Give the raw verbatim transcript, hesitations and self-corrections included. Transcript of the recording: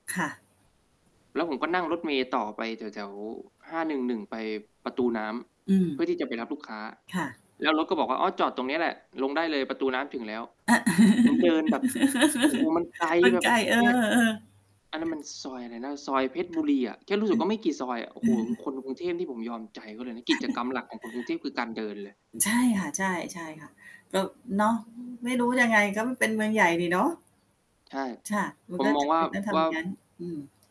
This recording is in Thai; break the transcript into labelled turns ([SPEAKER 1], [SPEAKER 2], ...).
[SPEAKER 1] ค่ะ
[SPEAKER 2] แล้วผมก็นั่งรถเมล์ต่อไปแถว ๆ ห้าหนึ่งหนึ่ง ไปประตูน้
[SPEAKER 1] อื
[SPEAKER 2] ำ เพื
[SPEAKER 1] ม
[SPEAKER 2] ่อที่จะไปรับลูกค้า
[SPEAKER 1] ค่ะ
[SPEAKER 2] แล้วรถก็บอกว่า อ้อ จอดตรงเนี้ยแหละ ลงได้เลยประตูน้ำถึงแล้ว
[SPEAKER 1] อา
[SPEAKER 2] ผมเดินแบบ โอ้โฮ มันไกล
[SPEAKER 1] มัน
[SPEAKER 2] แบ
[SPEAKER 1] ไ
[SPEAKER 2] บ
[SPEAKER 1] ก่ เออ
[SPEAKER 2] เงี่ย อันนั้น
[SPEAKER 1] ๆ
[SPEAKER 2] มันซอยอะไรนะ? ซอยเพชรบุรีอะ แค่รู้ส
[SPEAKER 1] อ
[SPEAKER 2] ึก
[SPEAKER 1] ื
[SPEAKER 2] ว่
[SPEAKER 1] อ
[SPEAKER 2] าไม่กี่ซอยอะ โอ้โ
[SPEAKER 1] อ
[SPEAKER 2] ฮ
[SPEAKER 1] ืม
[SPEAKER 2] คนกรุงเทพนี่ผมยอมใจเขาเลยนะ กิจกรรมหลักของคนกรุงเทพ คือการเดินเลย
[SPEAKER 1] ใช่ค่ะ ใช่ ใช่ค่ะ ก็เนาะ ไม่รู้ยังไง ก็เป็นเมืองใหญ่นี่เนาะ
[SPEAKER 2] ใช่
[SPEAKER 1] ค่ะ มั
[SPEAKER 2] ผ
[SPEAKER 1] น
[SPEAKER 2] ม
[SPEAKER 1] ก็
[SPEAKER 2] ม
[SPEAKER 1] จ
[SPEAKER 2] อง
[SPEAKER 1] ำ
[SPEAKER 2] ว
[SPEAKER 1] เ
[SPEAKER 2] ่า
[SPEAKER 1] ป็นต้องท
[SPEAKER 2] ว
[SPEAKER 1] ำ
[SPEAKER 2] ่
[SPEAKER 1] อย
[SPEAKER 2] า
[SPEAKER 1] ่างงั้น อืม